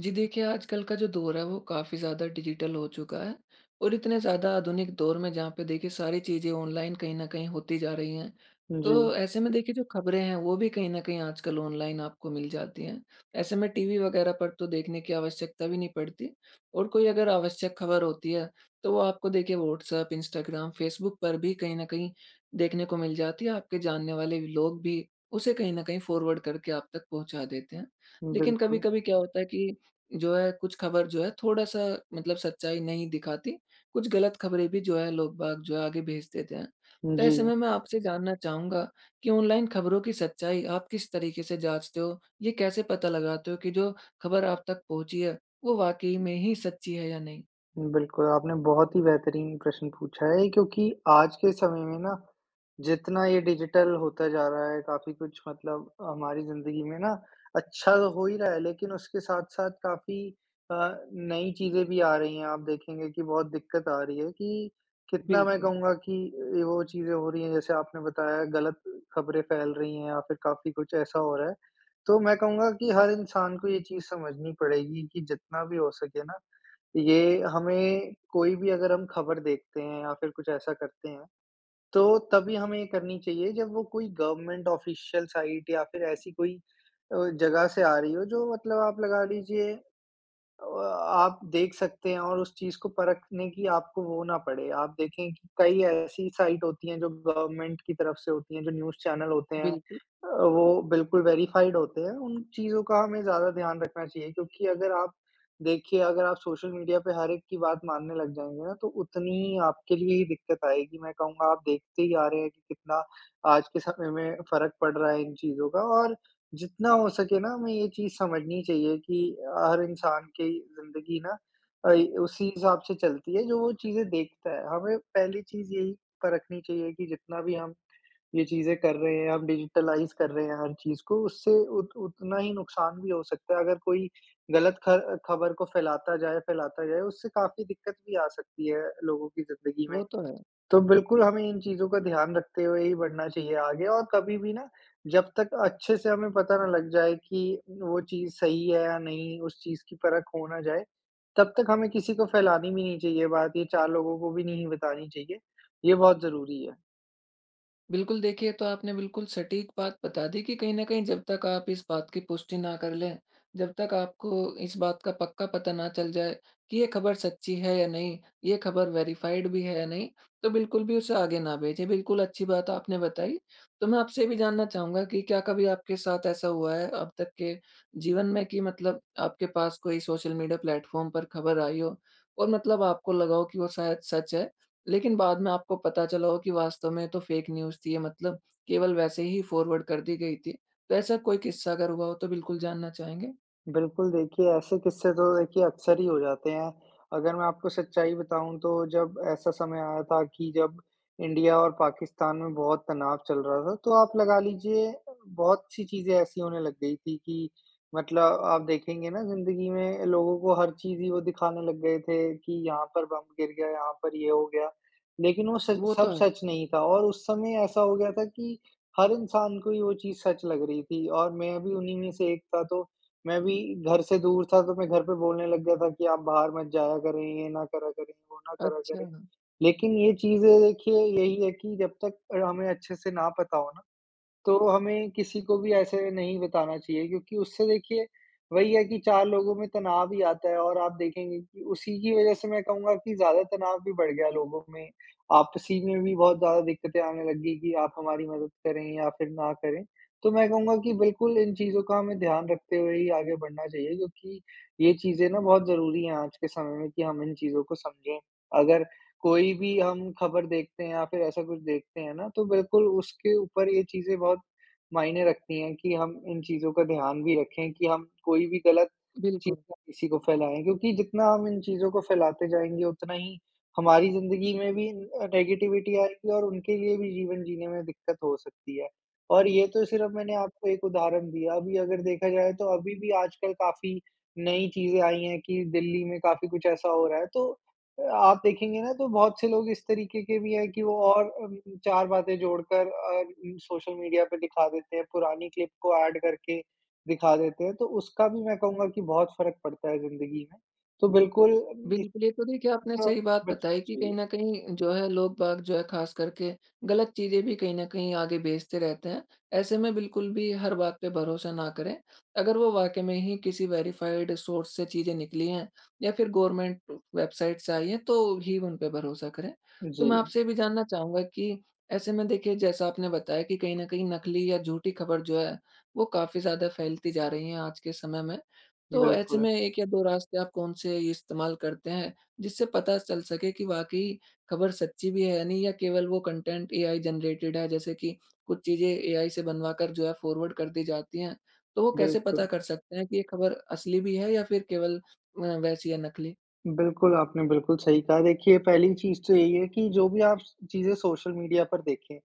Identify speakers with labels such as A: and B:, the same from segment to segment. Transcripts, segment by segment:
A: जी देखिए, आजकल का जो दौर है वो काफ़ी ज़्यादा डिजिटल हो चुका है और इतने ज़्यादा आधुनिक दौर में जहाँ पे देखिए सारी चीज़ें ऑनलाइन कहीं न कहीं होती जा रही हैं।
B: जी।
A: तो ऐसे में देखिए जो ख़बरें हैं वो भी कहीं न कहीं आजकल ऑनलाइन आपको मिल जाती हैं, ऐसे में टीवी वग़ैरह पर तो देखने की आवश्यकता भी नहीं पड़ती और कोई अगर आवश्यक ख़बर होती है तो वो आपको देखिए व्हाट्सऐप, इंस्टाग्राम, फ़ेसबुक पर भी कहीं न कहीं देखने को मिल जाती हैं, आपके जानने वाले लोग भी उसे कहीं न कहीं फ़ॉरवर्ड करके आप तक पहुँचा देते हैं। लेकिन
B: बिल्कुल।
A: कभी-कभी क्या होता है कि जो है कुछ ख़बर जो है थोड़ा-सा मतलब सच्चाई नहीं दिखाती, कुछ गलत ख़बरें भी जो है लोग-बाग जो है आगे भेज देते हैं। तो ऐसे
B: जी।
A: में मैं आपसे जानना चाहूँगा कि ऑनलाइन ख़बरों की सच्चाई आप किस तरीके से जाँचते हो? ये कैसे पता लगाते हो कि जो ख़बर आप तक पहुँची है वो वाक़ई में ही सच्ची है या नहीं?
B: बिल्कुल। आपने बहुत ही बेहतरीन प्रश्न पूछा है क्योंकि आज के समय में ना जितना ये डिजिटल होता जा रहा है काफ़ी कुछ मतलब अ, हमारी ज़िंदगी में ना अच्छा हो ही रहा है लेकिन उसके साथ-साथ काफ़ी अ, नई चीज़ें भी आ रही हैं आप देखेंगे कि बहुत दिक्कत आ रही है कि, कितना मैं
A: बिल्कुल।
B: कहूँगा कि ए, वो चीज़ें हो रही हैं जैसे आपने बताया गलत ख़बरें फ़ैल रही हैं या फ़िर काफ़ी कुछ ऐसा हो रहा है। तो मैं कहूँगा कि हर इंसान को ये चीज़ समझनी पड़ेगी कि जितना भी हो सके ना, ये हमें कोई भी अगर हम ख़बर देखते हैं या फ़िर कुछ ऐसा करते हैं, तो तभी हमें ये करनी चाहिए जब वो कोई गवर्नमेंट ऑफ़िशियल साइट या फ़िर ऐसी कोई अ, जगह से आ रही हो जो मतलब आप लगा लीजिए, अ, आप देख सकते हैं और उस चीज़ को परखने की आपको वो ना पड़े। आप देखे कि कई ऐसी साइट होती है जो गवर्नमेंट की तरफ से होती है जो न्यूज़ चैनल होते हैं, अ,
A: बिल्कुल।
B: वो बिल्कुल वेरिफ़ाइड होते है। उन चीज़ों का हमें ज़्यादा ध्यान रखना चाहिए क्योंकि अगर आप देखिए अगर आप सोशल मीडिया पे हर एक की बात मानने लग जाएँगे ना तो उतनी ही आपके लिए ही दिक्कत आएगी। मैं कहूँगा आप देखते ही आ रहे हैं कि, कितना आज के समय में फ़र्क पड़ रहा है इन चीज़ों का और जितना हो सके ना हमें ये चीज़ समझनी चाहिए कि अ, हर इंसान की ज़िंदगी ना अ, ई उसी हिसाब से चलती है जो वो चीज़ें देखता है। हमें पहली चीज़ यही परखनी चाहिए कि जितना भी हम ये चीज़ें कर रहे हैं हम डिज़िटलाइज़ कर रहे हैं हर चीज़ को उससे उत उतना ही नुकसान भी हो सकता है अगर कोई गलत ख़र ख़बर को फ़ैलाता जाए फ़ैलाता जाए, उससे काफ़ी दिक्कत भी आ सकती है लोगों की ज़िंदगी
A: वो
B: में।
A: तो है।
B: तो बिल्कुल हमें इन चीज़ों का ध्यान रखते हुए ही बढ़ना चाहिए आगे और कभी भी ना जब तक अच्छे से हमें पता ना लग जाए कि वो चीज़ सही है या नहीं, उस चीज़ की परख हो ना जाए, तब तक हमें किसी को फ़ैलानी भी नहीं चाहिए बात ये 4 लोगों को भी नहीं बतानी चाहिए। ये बहुत ज़रूरी है।
A: बिल्कुल, देखिए ये तो आपने बिल्कुल सटीक बात बता दी कि कहीं न कहीं जब तक आप इस बात की पुष्टि ना कर लें, जब तक आपको इस बात का पक्का पता ना चल जाए कि ये ख़बर सच्ची है या नहीं, ये ख़बर वेरिफ़ाइड भी है या नहीं तो बिल्कुल भी उसे आगे न भेजें। बिल्कुल अच्छी बात आपने बताई। तो मैं आपसे ये भी जानना चाहूँगा कि क्या कभी आपके साथ ऐसा हुआ है अब तक के जीवन में कि मतलब आपके पास कोई सोशल मीडिया प्लेटफॉर्म पर ख़बर आई हो और मतलब आपको लगा हो कि वो शायद सच है लेकिन बाद में आपको पता चला हो कि वास्तव में ये तो फ़ेक न्यूज़ थी ये मतलब केवल वैसे ही फॉरवर्ड कर दी गई थी। तो ऐसा कोई किस्सा अगर हुआ हो तो बिल्कुल जानना चाहेंगे?
B: बिल्कुल। देखिए ऐसे किस्से तो देखिए अक्सर ही हो जाते हैं। अगर मैं आपको सच्चाई बताऊँ तो जब ऐसा समय आया था कि जब इंडिया और पाकिस्तान में बहुत तनाव चल रहा था तो आप लगा लीजिए बहुत सी चीज़ें ऐसी होने लग गई थी कि मतलब आप देखेंगे ना ज़िंदगी में लोगों को हर चीज़ ही वो दिखाने लग गए थे कि यहाँ पर बम गिर गया, यहाँ पर ये हो गया। लेकिन वो सच
A: वो तो
B: सब
A: है।
B: सच नहीं था। और उस समय ऐसा हो गया था कि हर इंसान को ही वो चीज़ सच लग रही थी और मैं भी उन्हीं में से एक था। तो मैं भी घर से दूर था, तो मैं घर पे बोलने लग गया था कि आप बाहर मत जाया करें, ये ना करा करें, वो ना करा करें।
A: अच्छा।
B: लेकिन ये चीज़ें देखिए यही है कि जब तक अ, हमें अच्छे से ना पता हो ना तो हमें किसी को भी ऐसे नहीं बताना चाहिए क्योंकि उससे देखिए वही है कि 4 लोगों में तनाव ही आता है और आप देखेंगे कि उसी की वजह से मैं कहूँगा कि ज़्यादा तनाव भी बढ़ गया लोगों में। आपसी में भी बहुत ज़्यादा दिक्कतें आने लग गई कि आप हमारी मदद करें या फिर ना करें। तो मैं कहूँगा कि बिल्कुल इन चीज़ों का हमें ध्यान रखते हुए ही आगे बढ़ना चाहिए क्योंकि ये चीज़ें ना बहुत ज़रूरी हैं आज के समय में कि हम इन चीज़ों को समझें। अगर कोई भी हम ख़बर देखते हैं या फिर ऐसा कुछ देखते हैं ना तो बिल्कुल उसके ऊपर ये चीज़ें बहुत मायने रखती हैं कि हम इन चीज़ों का ध्यान भी रखें कि हम कोई भी ग़लत चीज़
A: बिल्कु।
B: ना किसी को फैलाएँ। क्योंकि जितना हम इन चीज़ों को फैलाते जाएँगे उतना ही हमारी ज़िन्दगी में भी अ, नेगेटिविटी आएगी और उनके लिए भी जीवन जीने में दिक्कत हो सकती है, और ये तो सिर्फ़ मैंने आपको एक उदाहरण दिया। अभी अगर देखा जाए तो अभी भी आजकल काफ़ी नई चीज़ें आई हैं कि दिल्ली में काफ़ी कुछ ऐसा हो रहा है। तो आप देखेंगे ना तो बहुत से लोग इस तरीके के भी है कि वो और अम, 4 बातें जोड़कर अर सोशल मीडिया पे दिखा देते हैं पुरानी क्लिप को ऐड करके दिखा देते हैं। तो उसका भी मैं कहूँगा कि बहुत फ़र्क़ पड़ता है ज़िन्दगी में। तो बिल्कुल इससे
A: बिल्कुल। ये तो देखिए आपने
B: अच्छा
A: सही बात
B: बचना
A: बताई कि कहीं
B: चाहिए।
A: न कहीं जो है लोग बाग जो है ख़ासकर के गलत चीज़ें भी कहीं न कहीं आगे भेजते रहते हैं। ऐसे में बिल्कुल भी हर बात पे भरोसा ना करें। अगर वो वाक़ई में ही किसी वेरिफ़ाइड सोर्स से चीज़ें निकली हैं या फिर गवर्नमेंट वेबसाइट से आई हैं तो ही उन पे भरोसा करें। तो मैं
B: जी।
A: आपसे ये भी जानना चाहूँगा कि ऐसे में देखिए जैसा आपने बताया कि कहीं न कहीं नकली या झूठी ख़बर जो हैं वो काफ़ी ज़्यादा फैलती जा रही है आज के समय में। तो ऐसे
B: बिल्कुल।
A: में 1 या 2 रास्ते आप कौन से ये इस्तेमाल करते हैं, जिससे पता चल सके कि वाक़ई ख़बर सच्ची भी है नहीं या केवल वो कंटेंट एआई जनरेटेड है जैसे कि कुछ चीज़ें एआई से बनवाकर जो है फॉरवर्ड कर दी जाती हैं। तो वो कैसे पता
B: बिल्कुल।
A: कर सकते हैं कि ये खबर असली भी है या फिर केवल अ, वैसी है नकली?
B: बिल्कुल। आपने बिल्कुल सही कहा। देखिए पहली चीज़ तो यही है कि जो भी आप चीज़ें सोशल मीडिया पर देखें,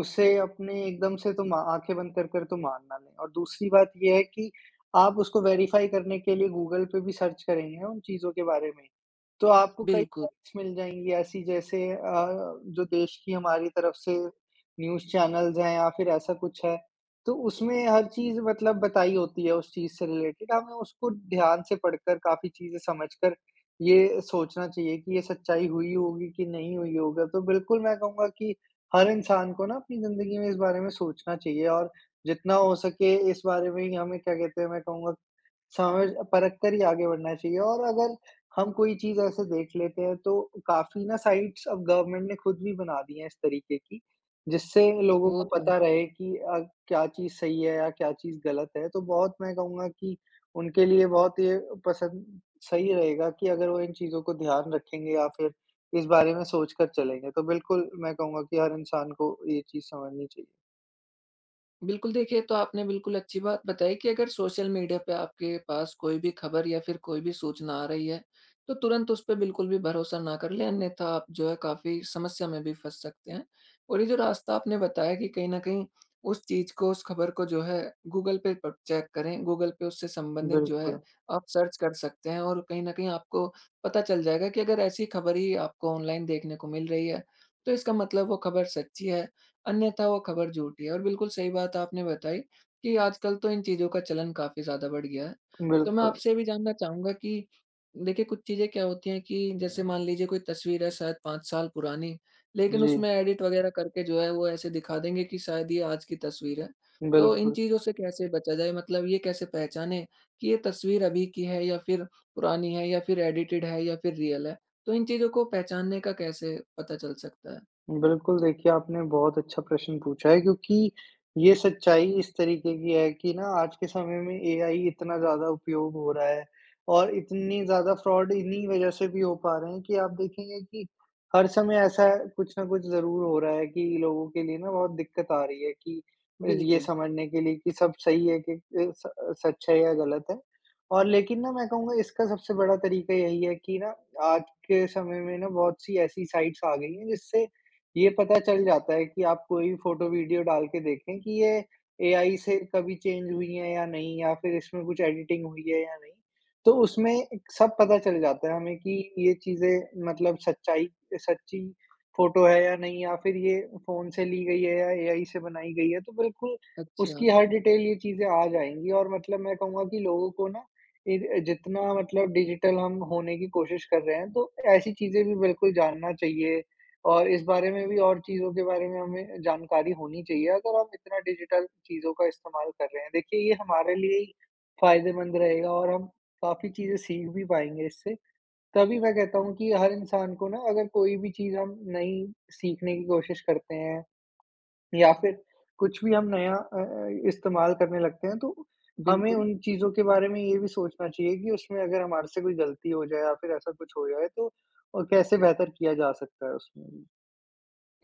B: उसे अपने एकदम से तो मा आँखें बंद कर कर तो मान ना लें। और दूसरी बात ये है कि आप उसको वेरिफ़ाई करने के लिए गूगल पे भी सर्च करेंगे ना उन चीज़ों के बारे में। तो आपको कई
A: बिल्कु
B: पॉइंट्स मिल जाएँगी ऐसी जैसे अ, जो देश की हमारी तरफ से न्यूज़ चैनल्स हैं या फिर ऐसा कुछ है तो उसमें हर चीज़ मतलब बताई होती है उस चीज़ से रिलेटेड हमें उसको ध्यान से पढ़कर, काफ़ी चीज़ें समझकर ये सोचना चाहिए कि ये सच्चाई हुई होगी कि नहीं हुई होगा। तो बिल्कुल मैं कहूँगा कि हर इंसान को ना अपनी ज़िन्दगी में इस बारे में सोचना चाहिए और जितना हो सके इस बारे में ही हमें क्या कहते हैं मैं कहूँगा समझ परख कर ही आगे बढ़ना चाहिए। और अगर हम कोई चीज़ ऐसे देख लेते हैं तो काफ़ी ना साइट्स अब गवर्नमेंट ने ख़ुद भी बना दी है इस तरीके की। जिससे लोगों
A: वो
B: को
A: तो है।
B: पता रहे कि अ, क्या चीज़ सही है या क्या चीज़ ग़लत है। तो बहुत मैं कहूँगा कि उनके लिए बहुत ये पसंद सही रहेगा कि अगर वो इन चीज़ों को ध्यान रखेंगे या फिर इस बारे में सोच कर चलेंगे। तो बिल्कुल मैं कहूँगा कि हर इंसान को ये चीज़ समझनी चाहिए।
A: बिल्कुल देखिए, ये तो आपने बिल्कुल अच्छी बात बताई कि अगर सोशल मीडिया पे आपके पास कोई भी ख़बर या फ़िर कोई भी सूचना आ रही है तो तुरंत उस पे बिल्कुल भी भरोसा ना कर लें अन्यथा आप जो है काफ़ी समस्या में भी फँस सकते हैं। और ये जो रास्ता आपने बताया कि कहीं न कहीं उस चीज़ को उस ख़बर को जो है गूगल पे पर चेक करें, गूगल पे उससे संबंधित जो है
B: बिल्कुल।
A: आप सर्च कर सकते हैं और कहीं न कहीं आपको पता चल जाएगा कि अगर ऐसी ख़बर ही आपको ऑनलाइन देखने को मिल रही है तो इसका मतलब वो ख़बर सच्ची है अन्यथा वो ख़बर झूठी है और बिल्कुल सही बात आपने बताई कि आजकल तो इन चीज़ों का चलन काफ़ी ज़्यादा बढ़ गया है। तो मैं
B: बिल्कुल।
A: आपसे ये भी जानना चाहूँगा कि देखिए कुछ चीज़ें क्या होती हैं कि जैसे मान लीजिए कोई तस्वीर है शायद 5 साल पुरानी लेकिन
B: जी।
A: उसमें एडिट वग़ैरह करके जो है वो ऐसे दिखा देंगे कि शायद ये आज की तस्वीर है। तो इन
B: बिल्कुल।
A: चीज़ों से कैसे बचा जाए? मतलब ये कैसे पहचानें कि ये तस्वीर अभी की है या फ़िर पुरानी है या फ़िर एडिटेड है या फ़िर रियल है? तो इन चीज़ों को पहचानने का कैसे पता चल सकता है?
B: बिल्कुल, देखिए आपने बहुत अच्छा प्रश्न पूछा है क्योंकि ये सच्चाई इस तरीके की है कि ना आज के समय में एआई इतना ज़्यादा उपयोग हो रहा है और इतनी ज़्यादा फ्रॉड इन्हीं वज़ह से भी हो पा रहे कि आप देखेंगे कि हर समय ऐसा है कुछ न कुछ ज़रूर हो रहा है कि लोगों के लिए ना बहुत दिक्कत आ रही है कि रि ये
A: बिल्कुल।
B: समझने के लिए कि सब सही है कि ए, स सच है या गलत है। और लेकिन ना मैं कहूँगा इसका सबसे बड़ा तरीका यही है कि ना आज के समय में ना बहुत-सी ऐसी साइट्स आ गयी है जिससे ये पता चल जाता है कि आप कोई फ़ोटो वीडियो डाल के देखें कि ये एआई से कभी चेंज हुई हैं या नहीं या फ़िर इसमें कुछ एडिटिंग हुई है या नहीं। तो उसमें सब पता चल जाता है हमें की ये चीज़ें मतलब सच्चाई सच्ची फ़ोटो है या नहीं या फ़िर ये फ़ोन से ली गयी है या एआई से बनाई गयी है। तो बिल्कुल, उसकी
A: अच्छा।
B: हर डिटेल ये चीज़ें आ जाएँगी और मतलब मैं कहूँगा कि लोगों को ना इर अ, जितना मतलब डिजिटल हम होने की कोशिश कर रहे हैं तो ऐसी चीज़ें भी बिल्कुल जानना चाहिए और इस बारे में भी और चीज़ों के बारे में हमें जानकारी होनी चाहिए अगर हम इतना डिजिटल चीज़ों का इस्तेमाल कर रहे हैं। देखिए, ये हमारे लिए ही फ़ायदेमंद रहेगा और हम काफ़ी चीज़ें सीख भी पाएँगे इससे। तभी मैं कहता हूँ कि हर इंसान को ना अगर कोई भी चीज़ हम नई सीखने की कोशिश करते हैं या फ़िर कुछ भी हम नया अ अ, इस्तेमाल करने लगते हैं तो, हमें
A: बिल्कुल।
B: उन चीज़ों के बारे में ये भी सोचना चाहिए कि उसमें अगर हमारे से कोई गलती हो जाए या फ़िर ऐसा कुछ हो जाए तो अ, कैसे बेहतर किया जा सकता है उसमें। जी।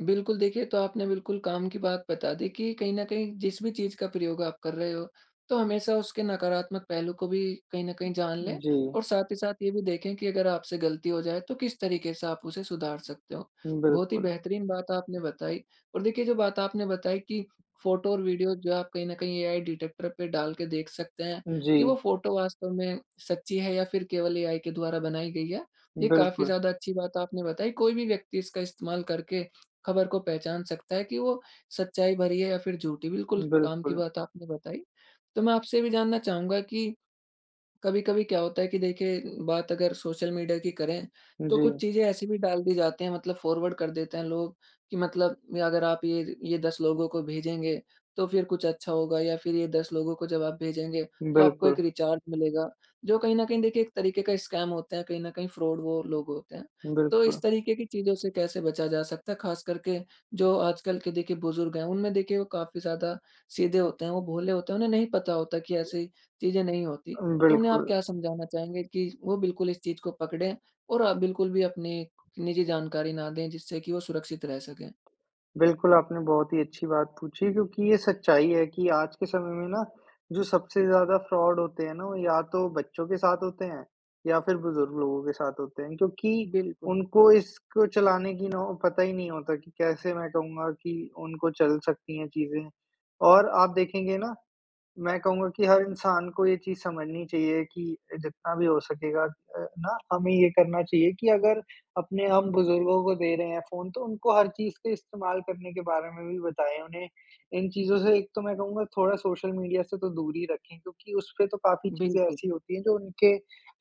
A: बिल्कुल, देखिए ये तो आपने बिल्कुल काम की बात बता दी कि कहीं न कहीं जिस भी चीज़ का प्रयोग आप कर रहे हो, तो हमेशा उसके नकारात्मक पहलू को भी कहीं न
B: उ
A: कहीं जान
B: उम,
A: लें
B: जी।
A: और साथ ही साथ ये भी देखें कि अगर आपसे गलती हो जाए तो किस तरीके से आप उसे सुधार सकते हो।
B: उम,
A: बहुत ही
B: बिल्कुल।
A: बेहतरीन बात आपने बताई और देखिए जो बात आपने बताई कि फोटो और वीडियो जो है आप कहीं न कहीं एआई डिटेक्टर पे डाल के देख सकते हैं
B: उम,
A: कि
B: जी।
A: वो फोटो वास्तव में सच्ची है या फिर केवल एआई के द्वारा बनाई गई है। ये काफ़ी
B: बिल्कुल।
A: ज़्यादा अच्छी बात आपने बताई कोई भी व्यक्ति इसका इस्तेमाल करके खबर को पहचान सकता है कि वो सच्चाई भरी है या फिर झूठी बिल्कुल काम की
B: बिल्कुल।
A: बात आपने बताई। तो मैं आपसे ये भी जानना चाहूँगा कि कभी-कभी क्या होता है कि देखिए बात अगर सोशल मीडिया की करें तो कुछ
B: जी।
A: चीज़ें ऐसी भी डाल दी जाती हैं मतलब फॉरवर्ड कर देते हैं लोग कि मतलब या अगर आप ये ज ये 10 लोगों को भेजेंगे तो फिर कुछ अच्छा होगा या फिर ये 10 लोगों को जब आप भेजेंगे तो आपको
B: बिल्कुल।
A: एक रिचार्ज मिलेगा जो कहीं न कहीं देखिए एक तरीके का स्कैम होते हैं कहीं न कहीं फ्रॉड वो लोग होते हैं। तो इस
B: बिल्कुल।
A: तरीके की चीज़ों से कैसे बचा जा सकता है? खासकर के जो आजकल के देखिए बुजुर्ग हैं उनमें देखिए वो काफ़ी ज़्यादा सीधे होते हैं वो भोले होते हैं उन्हें नहीं पता होता कि ऐसी चीज़ें नहीं होती।
B: अ,
A: तो उन्हें आप
B: बिल्कुल।
A: क्या समझाना चाहेंगे कि वो बिल्कुल इस चीज़ को पकड़ें और आप बिल्कुल भी अपनी निजी जानकारी ना दें जिससे कि वो सुरक्षित रह सकें?
B: बिल्कुल, आपने बहुत ही अच्छी बात पूछी क्योंकि ये सच्चाई है कि आज के समय में ना जो सबसे ज़्यादा फ्रॉड होते हैं ना, वो या तो बच्चों के साथ होते हैं या फिर बुजुर्ग लोगों के साथ होते हैं। क्योंकि
A: बिल्कुल।
B: उनको इसको चलाने की नौ पता ही नहीं होता कि कैसे मैं कहूँगा कि उनको चल सकती हैं चीज़ें। और आप देखेंगे ना मैं कहूँगा कि हर इंसान को ये चीज़ समझनी चाहिए कि जितना भी हो सकेगा अ, ना हमें ये करना चाहिए कि अगर अपने हम बुजुर्गों को दे रहे हैं फ़ोन तो उनको हर चीज़ के इस्तेमाल करने के बारे में भी बताएँ। उन्हें इन चीज़ों से एक तो मैं कहूँगा थोड़ा सोशल मीडिया से तो दूर ही रखें क्योंकि उसपे तो काफ़ी चीज़ें
A: बिल्कुल।
B: ऐसी होती हैं जो उनके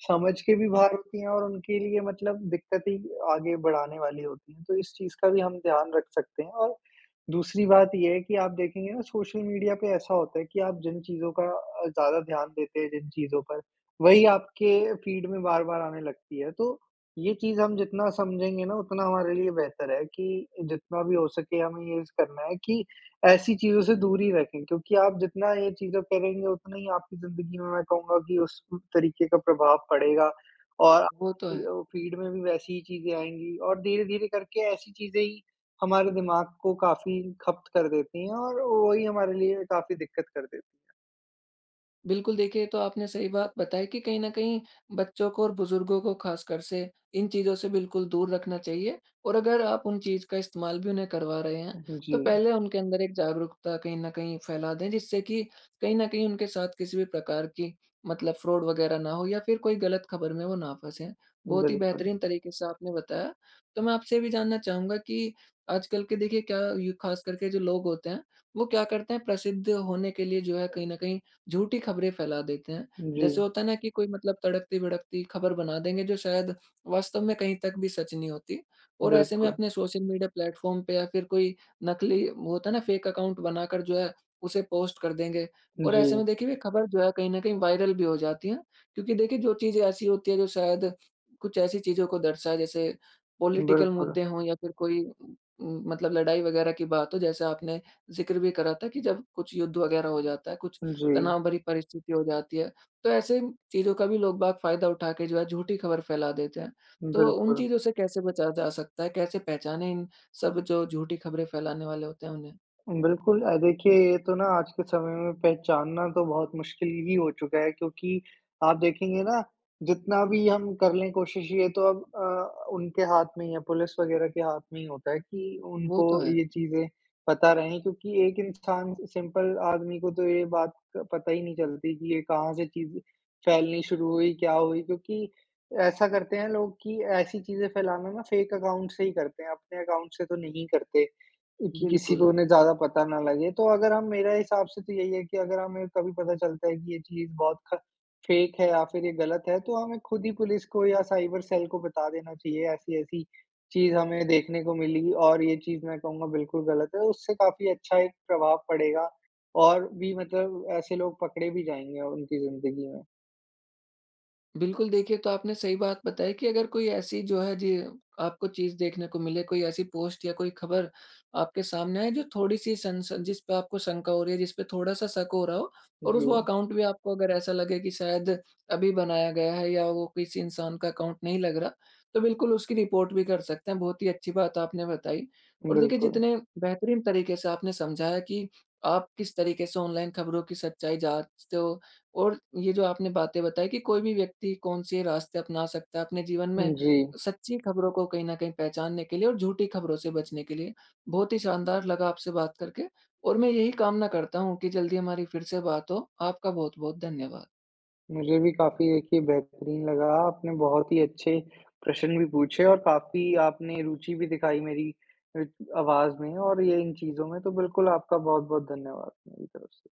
B: समझ के भी बाहर होती है और उनके लिए मतलब दिक्कतें ही आगे बढ़ाने वाली होती है। तो इस चीज़ का भी हम ध्यान रख सकते हैं और दूसरी बात ये है कि आप देखेंगे ना सोशल मीडिया पे ऐसा होता है कि आप जिन चीज़ों का अ, ज़्यादा ध्यान देते हैं जिन चीज़ों पर वही आप के फीड में बार-बार आने लगती है। तो ये चीज़ हम जितना समझेंगे ना उतना हमारे लिए बेहतर है कि जितना भी हो सके हमें ये ज करना है कि ऐसी चीज़ों से दूरी रखें क्योंकि आप जितना ये चीज़ें करेंगे उतना ही आपकी ज़िन्दगी में मैं कहूँगा कि उस तरीके का प्रभाव पड़ेगा और अ,
A: वो तो
B: की
A: है।
B: औ फीड में भी वैसी ही चीज़ें आएँगी और धीरे-धीरे करके ऐसी चीज़ें ही हमारे दिमाग को काफ़ी खप्त कर देती हैं और वही हमारे लिए काफ़ी दिक्कत कर देती।
A: बिल्कुल, देखिए, ये तो आपने सही बात बताई कि कहीं न कहीं बच्चों को और बुजुर्गों को ख़ासकर से, इन चीज़ों से बिल्कुल दूर रखना चाहिए। और अगर आप उन चीज़ का इस्तेमाल भी उन्हें करवा रहे हैं,
B: उ,
A: तो
B: जी।
A: पहले उनके अंदर एक जागरूकता कहीं न कहीं फैला दें, जिससे कि कहीं न कहीं उनके साथ किसी भी प्रकार की मतलब फ्रॉड वग़ैरह ना हो या फिर कोई गलत खबर में वो ना फँसे। बहुत ही
B: बिल्कुल।
A: बेहतरीन तरीके से आपने बताया। तो मैं आपसे ये भी जानना चाहूँगा कि, आजकल के देखिए क्या यु ख़ासकर के जो लोग होते हैं, वो क्या करते हैं? प्रसिद्ध होने के लिए जो है, कहीं न कहीं झूठी खबरें फैला देते हैं। जैसे
B: जी।
A: होता है ना, कि कोई मतलब तड़कती-भड़कती ख़बर बना देंगे जो शायद वास्तव में कहीं तक भी सच नहीं होती। और ऐसे में
B: बिल्कुल।
A: अपने सोशल मीडिया प्लेटफ़ॉर्म पे या फिर कोई नकली वो होता ना फेक अकाउंट बनाकर जो है, उसे पोस्ट कर देंगे। और ऐसे
B: जी।
A: में देखिए, वे खबर जो है कहीं न कहीं वायरल भी हो जाती हैं, क्योंकि देखिए जो चीज़ें ऐसी होती हैं जो शायद कुछ ऐसी चीज़ों को दर्शाए जैसे पॉलिटिकल
B: बिल्कुल।
A: मुद्दे हों या फिर कोई उम, मतलब लड़ाई वग़ैरह की बात हो जैसे आपने ज़िक्र भी करा था कि, जब कुछ युद्ध वग़ैरह हो जाता है, कुछ
B: जी।
A: तनाव भरी परिस्थिति हो जाती है। तो, ऐसे चीज़ों का भी लोग-बाग फ़ायदा उठा के जो है झूठी खबर फैला देते हैं। तो, उन
B: बिल्कुल।
A: चीज़ों से कैसे बचा जा सकता है? कैसे पहचाने इन सब जो झूठी खबरें फैलाने वाले होते हैं उन्हें?
B: बिल्कुल। अ, देखिए ये तो ना आज के समय में पहचानना तो बहुत मुश्किल ही हो चुका है। क्योंकि आप देखेंगे ना, जितना भी हम कर ले कोशिश ये तो अब अ, उनके हाथ में ही है, पुलिस वग़ैरह के हाथ में ही होता है कि
A: वो तो
B: उनको
A: है।
B: ये चीज़ें पता रहें। क्योंकि एक इंसान, सिंपल आदमी को तो ये बात पता ही नहीं चलती कि ये कहाँ से चीज़, फैलनी शुरू हुई, क्या हुई? क्योंकि ऐसा करते हैं, लोग कि ऐसी चीज़ें फैलाना ना फेक अकाउंट से ही करते हैं। अपने अकाउंट से तो नहीं करते। कि किसी को
A: बिल्कुल।
B: उन्हें ज़्यादा पता ना लगे। तो अगर हम मेरा हिसाब से तो यही है, कि अगर हमें कभी पता चलता है कि ये चीज़ बहुत ख फेक है या फिर ये गलत है, तो हमें खुद ही पुलिस को या साइबर सेल को बता देना चाहिए। ऐसी-ऐसी चीज़ हमें देखने को मिली और ये चीज़ मैं कहूँगा बिल्कुल गलत है। उससे काफ़ी अच्छा एक प्रभाव पड़ेगा। और भी मतलब ऐसे लोग पकड़े भी जाएँगे उनकी ज़िंदगी में।
A: बिल्कुल, देखिए, ये तो आपने सही बात बताई कि अगर कोई ऐसी जो है, जी, आपको चीज़ देखने को मिले, कोई ऐसी पोस्ट या कोई खबर आपके सामने आए जो थोड़ी सन सन जिस पे आपको शंका हो रही है, जिस पे थोड़ा-सा शक हो रहा हो और उस वो
B: जी।
A: अकाउंट भी आपको अगर ऐसा लगे कि शायद अभी बनाया गया है या वो किसी इंसान का अकाउंट नहीं लग रहा। तो बिल्कुल उसकी रिपोर्ट भी कर सकते हैं, बहुत ही अच्छी बात आपने बताई। और देखिए,
B: बिल्कुल।
A: जितने बेहतरीन तरीके से आपने समझाया कि आप किस तरीके से ऑनलाइन खबरों की सच्चाई जाँचते हो और ये जो आपने बातें बताई कि कोई भी व्यक्ति कौन-से रास्ते अपना सकता है अपने जीवन में
B: उ, जी।
A: सच्ची खबरों को कहीं न कहीं पहचानने के लिए और झूठी खबरों से बचने के लिए। बहुत ही शानदार लगा आपसे बात करके। और मैं यही कामना करता हूँ, कि जल्दी हमारी फिर से बात हो। आपका बहुत-बहुत धन्यवाद।
B: मुझे भी काफ़ी देखिए बेहतरीन लगा। आपने बहुत ही अच्छे प्रश्न भी पूछे। और काफ़ी आपने रुचि भी दिखाई मेरी अ, आवाज़ में। और ये इन चीज़ों में, तो बिल्कुल आपका बहुत-बहुत धन्यवाद मेरी तरफ से।